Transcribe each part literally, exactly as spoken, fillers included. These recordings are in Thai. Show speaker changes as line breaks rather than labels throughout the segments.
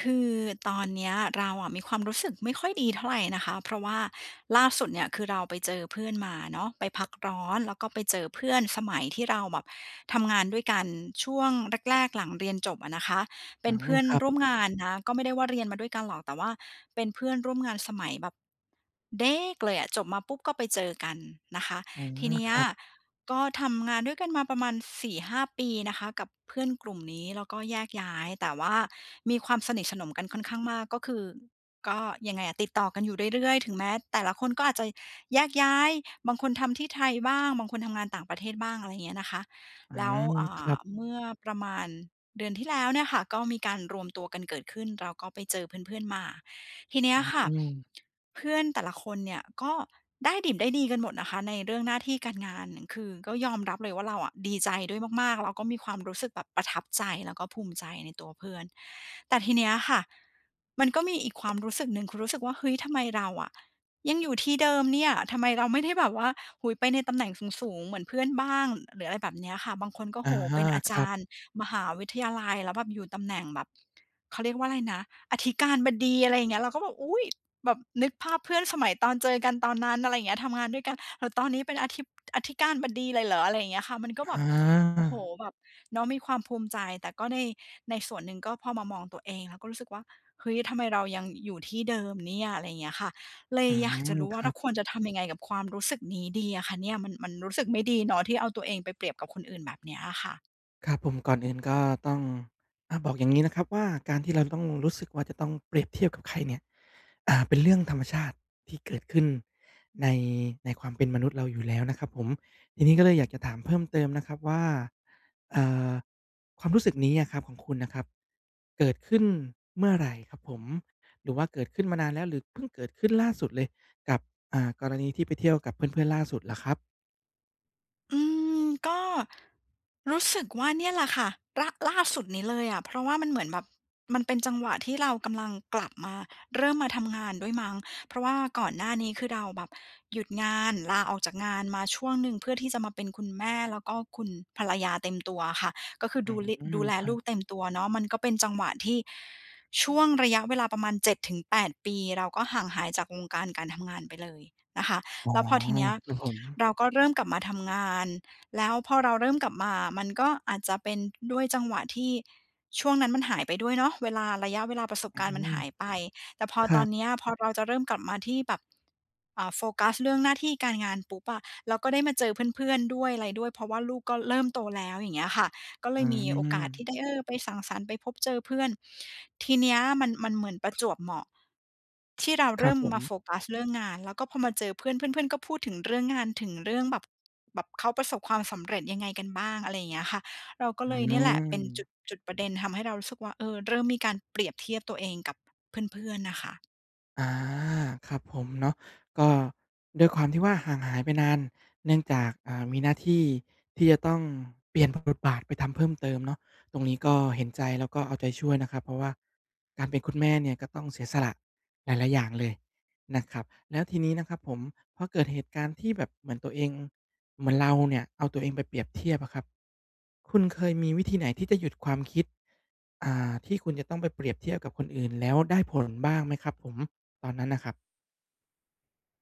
คือตอนเนี้ยเราอะ มีความรู้สึกไม่ค่อยดีเท่าไรนะคะ เพราะว่าล่าสุดเนี่ย คือเราไปเจอเพื่อนมาเนาะ ไปพักร้อน แล้วก็ไปเจอเพื่อนสมัยที่เราแบบทำงานด้วยกัน ช่วงแรก ๆ หลังเรียนจบอะนะคะ เป
อื
็นเพื
อ
่อน
ครับ
ร่วมงานนะ ก็ไม่ได้ว่าเรียนมาด้วยกันหรอก แต่ว่าเป็นเพื่อนร่วมงานสมัยแบบ เด็ก เลยอะ จบมาปุ๊บ ก็ไปเจอกันนะคะ
อื
ที
อ
เนี้
ค
ย
รับ
ก็ทำงานด้วยกันมาประมาณ สี่ห้า ปี นะคะ กับเพื่อนกลุ่มนี้ แล้วก็แยกย้าย แต่ว่ามีความสนิทสนมกันค่อนข้างมาก ก็คือ ก็ยังไงอะ ติดต่อกันอยู่เรื่อย ๆ ถึงแม้แต่ละคนก็อาจจะแยกย้าย บางคนทำที่ไทยบ้าง บางคนทำงานต่างประเทศบ้าง อะไรอย่างเงี้ยนะคะ
อื
แล้ว
ม
อ่
ครั
า
บ
เมื่อประมาณเดือนที่แล้วเนี่ยค่ะ ก็มีการรวมตัวกันเกิดขึ้น เราก็ไปเจอเพื่อน ๆ มา ทีเนี้
อ
ย
ื
ค่ะ
ม
เพื่อนแต่ละคนเนี่ย ก็ได้ดิบได้ดีกันหมดนะคะ ในเรื่องหน้าที่การงาน คือก็ยอมรับเลยว่า เราอะดีใจด้วยมาก ๆ เราก็มีความรู้สึกแบบประทับใจ แล้วก็ภูมิใจในตัวเพื่อน แต่ทีเนี้ยอะค่ะ มันก็มีอีกความรู้สึกหนึ่ง คือรู้สึกว่า เฮ้ย ทำไมเราอะยังอยู่ที่เดิมเนี่ย? ทำไมเราไม่ได้แบบว่า โอ้โฮ ไปในตำแหน่งสูง ๆ เหมือนเพื่อนบ้าง? หรืออะไรแบบเนี้ยค่ะ บางคนก็
อ
โอ้โ
ะ
ฮ
ฮ
เ
ะ
ป็นอา
ค
จ
รั
า
บ
รย์มหาวิทยาลัย แล้วแบบอยู่ตำแหน่งแบบ เขาเรียกว่าอะไรนะ อธิการบดี อะไรอย่างเงี้ย เราก็แบบ อุ๊ย! แบบนึกภาพ เพื่อนสมัยตอนเจอกันตอนนั้น อะไรอย่างเงี้ย ทำงานด้วยกัน แล้วตอนนี้เป็นอธิป อธิการบดีเลยเหรอ? อะไรอย่างเงี้ยค่ะ มันก็แบ
อ
บ โอ้โฮ!
า
แบบเนาะ มีความภูมิใจ แต่ก็ใน ในส่วนหนึ่ง ก็พอมามองตัวเองอะก็รู้สึกว่า เฮ้ย ทำไมเรายังอยู่ที่เดิมเนี่ย อะไรอย่างเงี้ยค่ะ เล
อ
ย
ื
อยากจ
ม
ะรู้ว
ค
่า
ร
เ
ั
รา
บ
ควรจะทำยังไงกับความรู้สึกนี้ดีอะค่ะเนี่ย? มัน มันรู้สึกไม่ดีเนาะ ที่เอาตัวเองไปเปรียบกับคนอื่นแบบเนี้ยอะค่ะ
ครับผม ก่อนอื่นก็ต้อง อะ บอกอย่างงี้นะครับว่า การที่เราจะต้องรู้สึกว่า จะต้องเปรียบเทียบกับใครเนี่ย อ่า เป็นเรื่องธรรมชาติที่เกิดขึ้นใน ในความเป็นมนุษย์เราอยู่แล้วนะครับผม ทีนี้ก็เลยอยากจะถามเพิ่มเติมนะครับว่า เอ่อ ความรู้สึกนี้อะครับ ของคุณน่ะครับ เกิดขึ้นเมื่อไหร่ครับผม? หรือว่าเกิดขึ้นมานานแล้ว หรือเพิ่งเกิดขึ้นล่าสุดเลย กับ อ่า กรณีที่ไปเที่ยวกับเพื่อน ๆ ล่าสุดเหรอครับ
อืม ก็รู้สึกว่าเนี่ยแหละค่ะ ร ล่าสุดนี้เลยอะ เพราะว่ามันเหมือนแบบ มันเป็นจังหวะที่เรากำลังกลับมา เริ่มมาทำงานด้วยมั้ง เพราะว่าก่อนหน้านี้คือเราแบบหยุดงาน ลาออกจากงานมาช่วงหนึ่ง เพื่อที่จะมาเป็นคุณแม่ แล้วก็คุณภรรยาเต็มตัวอะค่ะ ก็คือ
อื
ดูลิ ด
ม
ูแล
ครั
ลู
บ
กเต็มตัวเนาะ มันก็เป็นจังหวะที่ช่วงระยะเวลาประมาณ เจ็ดถึงแปด ปี เราก็ห่างหายจากวงการการทำงานไปเลยนะคะ
อ๋อ
แล้วพอทีเนี้ย
ครับผม
เราก็เริ่มกลับมาทำงาน แล้วพอเราเริ่มกลับมามันก็อาจจะเป็นด้วยจังหวะที่ช่วงนั้นมันหายไปด้วยเนาะ เวลา ระยะเวลาประสบ
อื
การณ์มัน
ม
หายไป แต่พอ
คร
ต
ั
อน
บ
เนี้ย พอเราจะเริ่มกลับมาที่แบบ เอ่อ โฟกัสเรื่องหน้าที่การงานปุ๊บอะ เราก็ได้มาเจอเพื่อน ๆ ด้วย ไรด้วย เพราะว่าลูกก็เริ่มโตแล้ว อย่างเงี้ยค่ะ ก็เล
อื
ยมีโอกาสที
ม
่ได้ เออ ไปสังสรรค์ ไปพบเจอเพื่อน ทีเนี้ยมัน มันเหมือนประจวบเหมาะที่เรา
ค
เร
รั
ิ่
บ
ม
ผ
มาโ
ม
ฟกัสเรื่องงาน แล้วก็พอมาเจอเพื่อน เพื่อน ๆ ก็พูดถึงเรื่องงาน ถึงเรื่องแบบ แบบเขาประสบความสำเร็จยังไงกันบ้าง อะไรอย่างเงี้ยค่ะ เราก็
อื
เลยเนี่ยแหละเป็น
ม
จุด จุดประเด็นทำให้เรารู้สึกว่า เออ เริ่มมีการเปรียบเทียบตัวเองกับเพื่อน ๆ น่ะค่ะ
อา ครับผมเนาะ ก็ด้วยความที่ว่า ห่างหายไปนาน เนื่องจาก อ่า มีหน้าที่ที่จะต้องเปลี่ยน พ บทบาทไปทำเพิ่มเติมเนาะ ตรงนี้ก็เห็นใจ แล้วก็เอาใจช่วยนะครับ เพราะว่าการเป็นคุณแม่เนี่ย ก็ต้องเสียสละหลาย ๆ อย่างเลยนะครับ แล้วทีนี้นะครับผม พอเกิดเหตุการณ์ที่แบบเหมือนตัวเอง เหมือนเราเนี่ยเอาตัวเองไปเปรียบเทียบอะครับ คุณเคยมีวิธีไหนที่จะหยุดความคิด อ่า ที่คุณจะต้องไปเปรียบเทียบกับคนอื่น แล้วได้ผลบ้างไหมครับผม? ตอนนั้นน่ะครับ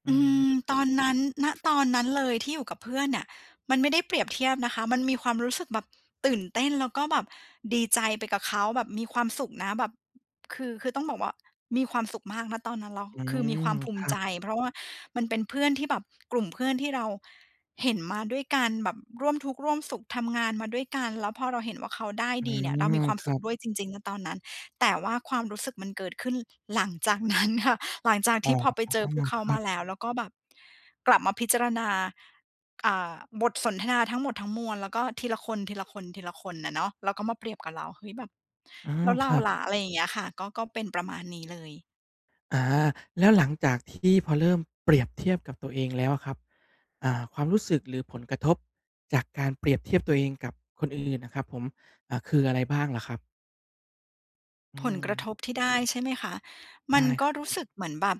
อื
อืม
ม
ตอนนั้น ณ ตอนนั้นเลยที่อยู่กับเพื่อนเนี่ย มันไม่ได้เปรียบเทียบนะคะ มันมีความรู้สึกแบบตื่นเต้น แล้วก็แบบดีใจไปกับเขา แบบมีความสุขนะแบบ คือ คือต้องบอกว่า มีความสุขมาก ณ ตอนนั้นแล้ว
อื
คือ
ม
มีความภู
ค
มิ
รั
ใจ
บ
เพราะว่ามันเป็นเพื่อนที่แบบ กลุ่มเพื่อนที่เราเห็นมาด้วยกัน แบบร่วมทุกข์ร่วมสุข ทำงานมาด้วยกัน แล้วพอเราเห็นว่าเขาได้
อื
ดีเนี่ยเรา
ม
มีความ
ค
ส
ร
ุ
ั
ข
บ
ด้วยจริง ๆ ณ ตอนนั้น แต่ว่าความรู้สึกมันเกิดขึ้นหลังจาก นั้น ค่ะ หลังจาก
อ๋
ท
อ
ี่พอไปเจอพวกเข
ค
า
รั
มา
บ
แล้ว แล้วก็แบบกลับมาพิจารณา อ่า บทสนทนาทั้งหมดทั้งมวลแล้วก็ทีละคน ๆ ๆ น่ะเนาะ แล้วก็มาเปรียบกับเรา เฮ้ย แบบ
อา
แล้วเ
ค
รา
รับ
ล่ะ อะไรอย่างเงี้ยอะค่ะ ก็ ก็เป็นประมาณนี้เลย
อา แล้วหลังจากที่พอเริ่มเปรียบเทียบกับตัวเองแล้วอะครับ อ่า ความรู้สึก หรือผลกระทบจากการเปรียบเทียบตัวเองกับคนอื่นอะครับผม อ่า คืออะไรบ้างเหรอครับ? อื
ผลกระ
ม
ทบที่ได้ ใช่ไหมคะ?
ไ
ม
ด
ัน
้
ก
ค
็
รับ
ร
ผ
ู้
ม
สึกเหมือนแบบ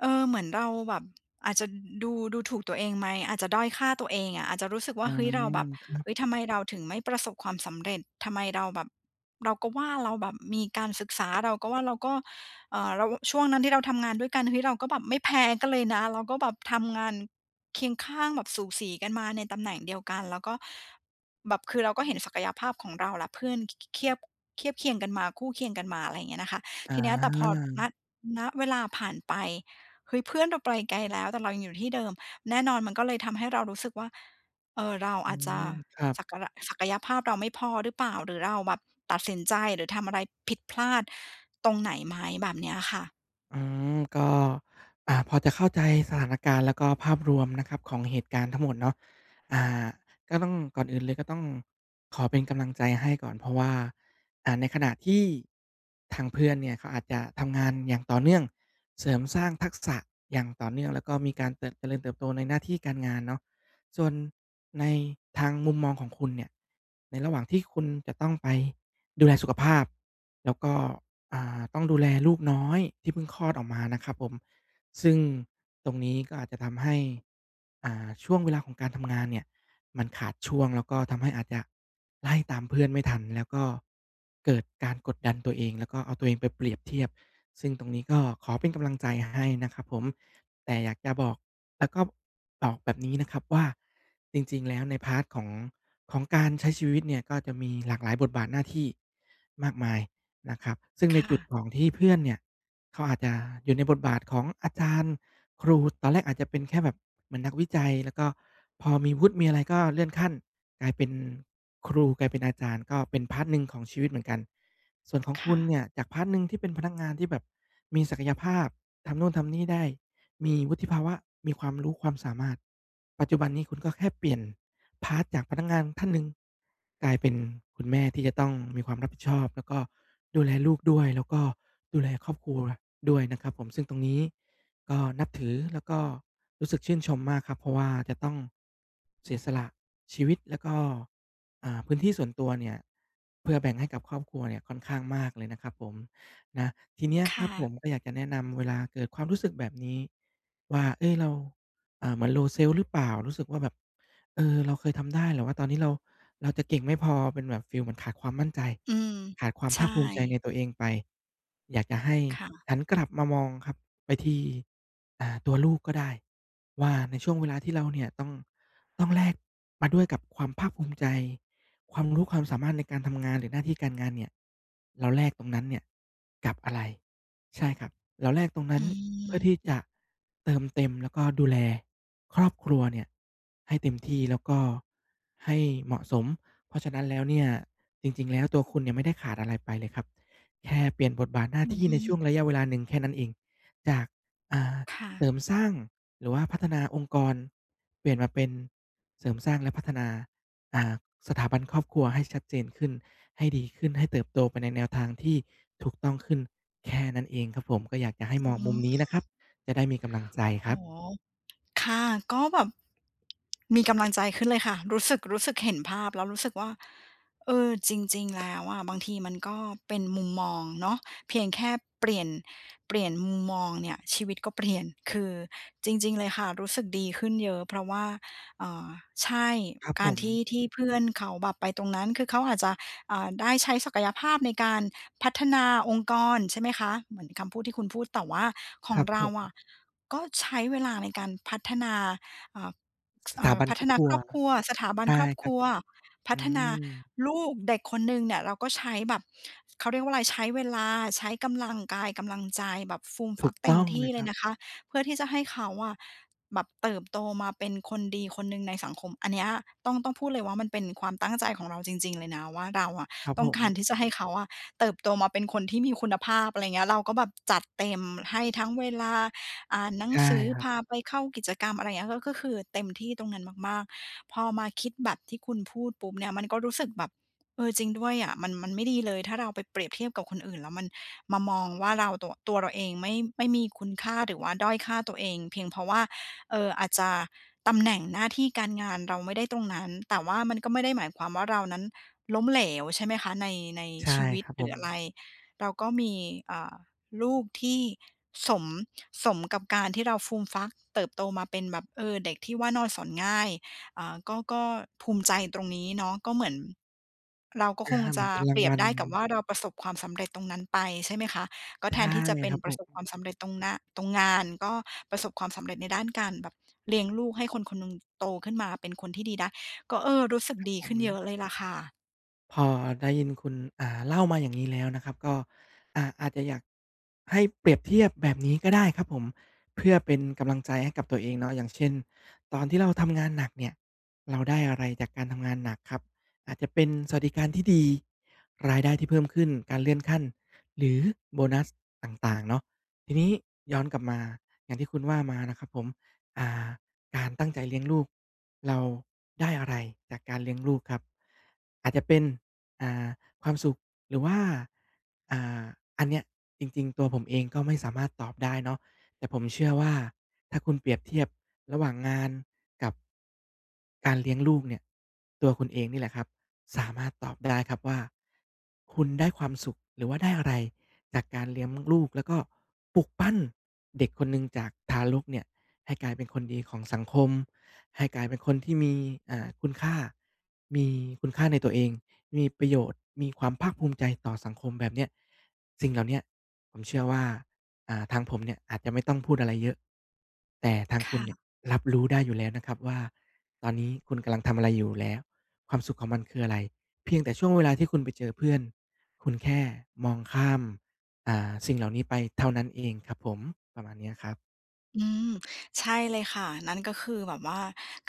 เออ เหมือนเราแบบอาจจะ ด ดู ดูถูกตัวเองไหม อาจจะด้อยค่าตัวเองอะ อาจจะรู้สึกว
อ
่
ื
า เฮ้ย เราแ
ม
บบ
ครั
เ
บ
ฮ้ย ทำไมเราถึงไม่ประสบความสำเร็จ ทำไมเราแบบ เราก็ว่าเราแบบมีการศึกษา เราก็ว่าเราก็ เอ่อ เรา ล ช่วงนั้นที่เราทำงานด้วยกัน เฮ้ย เราก็แบบไม่แพ้กันเลยนะ แล้วก็แบบทำงานเคียงข้างแบบสูสีกันมาในตำแหน่งเดียวกัน แล้วก็แบบ คือเราก็เห็นศักยภาพของเราและเพื่อนคิ คิ เคียบ เคียบเคียง กันมา คู่เคียงกันมา อะไรอย่างเงี้ยนะคะ
อ
ทีเนี้ยแต่พอ ณ
า
ณ เวลาผ่านไป เฮ้ย เพื่อนเราไปลไกลแล้ว แต่เรายังอยู่ที่เดิม แน่นอนมันก็เลยทำให้เรารู้สึกว่า เอ่อ เรา
อ
อ
ื
าจจะ
ม ครับ
ศักระ ศักยภาพเราไม่พอหรือเปล่า หรือเราแบบตัดสินใจ หรือทำอะไรผิดพลาดตรงไหนไหม แบบเนี้ยค่ะ
อืม ก็ อ่า พอจะเข้าใจสถานการณ์ แล้วก็ภาพรวมนะครับ ของเหตุการณ์ทั้งหมดเนาะ อ่า ก็ต้อง ก่อนอื่นเลย ก็ต้องขอเป็นกำลังใจให้ก่อน เพราะว่า อ่า ในขณะที่ทางเพื่อนเนี่ย เขาอาจจะทำงานอย่างต่อเนื่อง เสริมสร้างทักษะอย่างต่อเนื่อง แล้วก็มีการเติบ เจริญเติบโตในหน้าที่การงานเนาะ ส่วนในทางมุมมองของคุณเนี่ย ในระหว่างที่คุณจะต้องไปดูแลสุขภาพ แล้วก็ อ่า ต้องดูแลลูกน้อยที่เพิ่งคลอดออกมานะครับผม ซึ่งตรงนี้ก็อาจจะทำให้ อ่า ช่วงเวลาของการทำงานเนี่ย มันขาดช่วง แล้วก็ทำให้อาจจะไล่ตามเพื่อนไม่ทัน แล้วก็เกิดการกดดันตัวเอง แล้วก็เอาตัวเองไปเปรียบเทียบ ซึ่งตรงนี้ก็ขอเป็นกำลังใจให้นะครับผม แต่อยากจะบอก แล้วก็บอกแบบนี้นะครับว่า จริง ๆ แล้วใน พาร์ต ของ ของการใช้ชีวิตเนี่ย ก็จะมีหลากหลายบทบาทหน้าที่มากมายนะครับ ซึ่งใ
ค
น
่
จุด
ะ
ของที่เพื่อนเนี่ย เขาอาจจะอยู่ในบทบาทของอาจารย์ ครู ตอนแรกอาจจะเป็นแค่แบบเหมือนนักวิจัย แล้วก็พอมีวุฒิ มีอะไร ก็เลื่อนขั้นกลายเป็นครู กลายเป็นอาจารย์ ก็เป็น พาร์ต หนึ่งของชีวิตเหมือนกัน ส่วนของ
ค
ค
่
ุณ
ะ
เนี่ยจาก พาร์ต หนึ่ง ที่เป็นพนักงานที่แบบมีศักยภาพ ทำนู่น ทำนี่ได้ มีวุฒิภาวะ มีความรู้ ความสามารถ ปัจจุบันนี้คุณก็แค่เปลี่ยน พาร์ต จากพนักงานท่านหนึ่งกลายเป็นคุณแม่ ที่จะต้องมีความรับผิดชอบ แล้วก็ดูแลลูกด้วย แล้วก็ดูแลครอบครัวด้วยนะครับผม ซึ่งตรงนี้ก็นับถือ แล้วก็รู้สึกชื่นชมมากครับ เพราะว่าจะต้องเสียสละชีวิต แล้วก็ อ่า พื้นที่ส่วนตัวเนี่ย เพื่อแบ่งให้กับครอบครัวเนี่ย ค่อนข้างมากเลยนะครับผม นะ ทีเนี้ย
ค
คร
่
ับผ
ะ
ม ก็อยากจะแนะนำ เวลาเกิดความรู้สึกแบบนี้ว่า เฮ้ย เรา อ่า เหมือน Low Self หรือเปล่า? รู้สึกว่าแบบ เออ เราเคยทำได้ หรือว่าตอนนี้เรา เราจะเก่งไม่พอ เป็นแบบฟีลเหมือนขาดความมั่นใจ
อืม
ขาดความ
ใช
ภา
่
คภูมิใจในตัวเองไป อยากจะให้
ค่ะ
หันกลับมามองครับ ไปที่ อ่า ตัวลูกก็ได้ว่า ในช่วงเวลาที่เราเนี่ย ต้อง ต้องแลกมาด้วยกับความภาคภูมิใจ ความรู้ความสามารถในการทำงาน หรือหน้าที่การงานเนี่ย เราแลกตรงนั้นเนี่ยกับอะไร? ใช่ครับ เราแลกตรงนั้
อ
นเพื่อท
ือ
ี่จะเติมเต็ม แล้วก็ดูแลครอบครัวเนี่ยให้เต็มที่ แล้วก็ให้เหมาะสม เพราะฉะนั้นแล้วเนี่ย จริง ๆ แล้วตัวคุณเนี่ย ไม่ได้ขาดอะไรไปเลยครับ แค่เปลี่ยนบทบาทหน้า
อื
ท
อ
ี่
ฮ
ในช่
ึ
วงระยะเวลาหนึ่งแค่นั้นเอง จาก อ่า
ค่
เสร
ะ
ิมสร้าง หรือว่าพัฒนาองค์กร เปลี่ยนมาเป็นเสริมสร้าง และพัฒนา อ่า สถาบันครอบครัวให้ชัดเจนขึ้น ให้ดีขึ้น ให้เติบโตไปในแนวทางที่ถูกต้องขึ้น แค่นั้นเองครับผม ก็อยากจะให้
อ
ม
ื
องมุมนี้นะค
อ
รับ จะได้มีกำลังใจ
โ
ค
อ
ร
้
ับ
โฮ ค่ะ ก็แบบ มีกำลังใจขึ้นเลยค่ะ รู้สึก รู้สึกเห็นภาพ แล้วรู้สึกว่า เออ จริง ๆ แล้วอะบางทีมันก็เป็นมุมมองเนาะ เพียงแค่เปลี่ยน เปลี่ยนมุมมองเนี่ย ชีวิตก็เปลี่ยน คือจริง ๆ เลยค่ะ รู้สึกดีขึ้นเยอะ เพราะว่า อ่า ใช่
ครับ
ก
ผ
ารที
ม
่ ที่เพื่อนเขาแบบไปตรงนั้น คือเขาอาจจะ อ่า ได้ใช้ศักยภาพในการพัฒนาองค์กร ใช่ไหมคะ? เหมือนคำพูดที่คุณพูด แต่ว่าข
ค
อ
ร
ง
ับ
เร
ผ
า
ม
อะ ก็ใช้เวลาในการพัฒนา เอ่อ ส
ส
เอ
ถ
่
า
อ
บัน
พั
คร
ฒ
อบ
นา
ครั
ค
ว
รอบครัว สถาบัน
ได
ค
้
รอบ
ค
ค
รั
ร
บ
ัว พั
อื
ฒนา
ม
ลูก เด็กคนหนึ่งเนี่ย เราก็ใช้แบบ เขาเรียกว่าอะไร ใช้เวลา ใช้กำลังกาย กำลังใจ แบบฟูม
ถ
ฟ
ู
ั
ก
กเต
ต
็ม
้อง
ท
เ
ี
ล
่
ย
เ
ค
ล
ร
ย
ับ
นะคะ เพื่อที่จะให้เขาอะ แบบเติบโตมาเป็นคนดีคนหนึ่งในสังคม อันเนี้ยต้อง ต้องพูดเลยว่า มันเป็นความตั้งใจของเราจริง ๆ เลยนะว่า เราอะ
ครับ
ต้
ผ
องการ
ม
ที่จะให้เขาอะ เติบโตมาเป็นคนที่มีคุณภาพ อะไรเงี้ย เราก็แบบจัดเต็ม ให้ทั้งเวลาอ่านหนั
ใช
ง
่
สือ
ครั
พ
บ
าไปเข้ากิจกรรม อะไรเงี้ย ก็คือเต็มที่ตรงนั้นมาก ๆ พอมาคิดแบบที่คุณพูดปุ๊บเนี่ย มันก็รู้สึกแบบ เออ จริงด้วยอะ มัน มันไม่ดีเลย ถ้าเราไปเปรียบเทียบกับคนอื่น แล้วมันมามองว่า เรา ตัวเราเองไม่ ไม่มีคุณค่า หรือว่าด้อยค่าตัวเอง เพียงเพราะว่า เอ่อ อาจจะตำแหน่งหน้าที่การงานเราไม่ได้ตรงนั้น แต่ว่ามันก็ไม่ได้หมายความว่า เรานั้นล้มเหลว ใช่ไหมคะ? ใน ใน
ใช่
ชีวิ
ค
ต
รับ
ห
ผ
รือ
ม
อะไร เราก็มี อ่า ลูกที่สม สมกับการที่เราฟูมฟัก เติบโตมาเป็นแบบ เออ เด็กที่ว่านอนสอนง่าย อ่า ก็ ก็ภูมิใจตรงนี้เนาะ ก็เหมือน เราก็
อา
คง
เหม
จ
ือ
ะ
นเป็นรา
เป
ง
รีย
ว
บ
ัล
ได้กับว่าเราประสบความสำเร็จตรงนั้นไป ใช่ไหมคะ? ก็
ใช
แท
่
นที่จะเป็
ค
น
รับ
ป
ผ
ระ
ม
สบความสำเร็จตรงหน้า ตรงงาน ก็ประสบความสำเร็จในด้านการแบบเลี้ยงลูก ให้คน คนหนึ่งโตขึ้นมาเป็นคนที่ดีได้ ก็ เออ รู้สึก
ครับ
ดี
ผ
ขึ้นเยอ
ม
ะเลยล่ะค่ะ
พอได้ยินคุณ อ่า เล่ามาอย่างงี้แล้วนะครับ ก็ อ่า อาจจะอยาก ให้เปรียบเทียบแบบนี้ก็ได้ครับผม เพื่อเป็นกำลังใจให้กับตัวเองเนาะ อย่างเช่น ตอนที่เราทำงานหนักเนี่ย เราได้อะไรจากการทำงานหนักครับ อาจจะเป็นสวัสดิการที่ดี รายได้ที่เพิ่มขึ้น การเลื่อนขั้น หรือโบนัสต่าง ๆ เนาะ ทีนี้ย้อนกลับมา อย่างที่คุณว่ามานะครับผม อ่า การตั้งใจเลี้ยงลูก เราได้อะไรจากการเลี้ยงลูกครับ อาจจะเป็น อ่า ความสุข หรือว่า อ่า อันเนี้ยจริง ๆ ตัวผมเองก็ไม่สามารถตอบได้เนาะ แต่ผมเชื่อว่า ถ้าคุณเปรียบเทียบระหว่างงานกับ การเลี้ยงลูกเนี่ย ตัวคุณเองนี่แหละครับ สามารถตอบได้ครับว่า คุณได้ความสุขหรือว่าได้อะไร จากการเลี้ยม ลูก แล้วก็ปลุกปั้นเด็กคนหนึ่งจากทารกเนี่ยให้กลายเป็นคนดีของสังคม ให้กลายเป็นคนที่มี อ่า คุณค่า มีคุณค่าในตัวเอง มีประโยชน์ มีความภาคภูมิใจต่อสังคมแบบเนี้ย สิ่งเหล่าเนี้ยผมเชื่อว่า อ่า ทางผมเนี่ยอาจจะไม่ต้องพูดอะไรเยอะ แต่ทาง
ค
คุณ
่
เนี่
ะ
ยรับรู้ได้อยู่แล้วนะครับว่า ตอนนี้คุณกำลังทำอะไรอยู่ แล้วความสุขของมันคืออะไร เพียงแต่ช่วงเวลาที่คุณไปเจอเพื่อน คุณแค่มองข้าม อ่า สิ่งเหล่านี้ไปเท่านั้นเองครับผม ประมาณเนี้ยครับ
อืม ใช่เลยค่ะ นั่นก็คือแบบว่า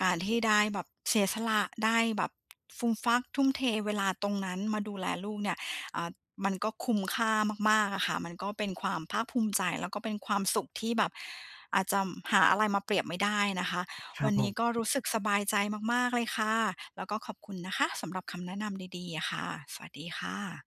การที่ได้แบบเสียสละ ได้แบบฟูมฟัก ทุ่มเทเวลาตรงนั้นมาดูแลลูกเนี่ย อ่า มันก็คุ้มค่ามาก ๆ อะค่ะ มันก็เป็นความภาคภูมิใจ แล้วก็เป็นความสุขที่แบบ อาจำหาอะไรมาเปรียบไม่ได้นะคะ
คร
ว
ั
ั
บ
นน
ผ
ี้
ม
ก็รู้สึกสบายใจมาก ๆ เลยค่ะ แล้วก็ขอบคุณนะคะสำหรับคำแนะนำดี ๆ อะค่ะ สวัสดีค่ะ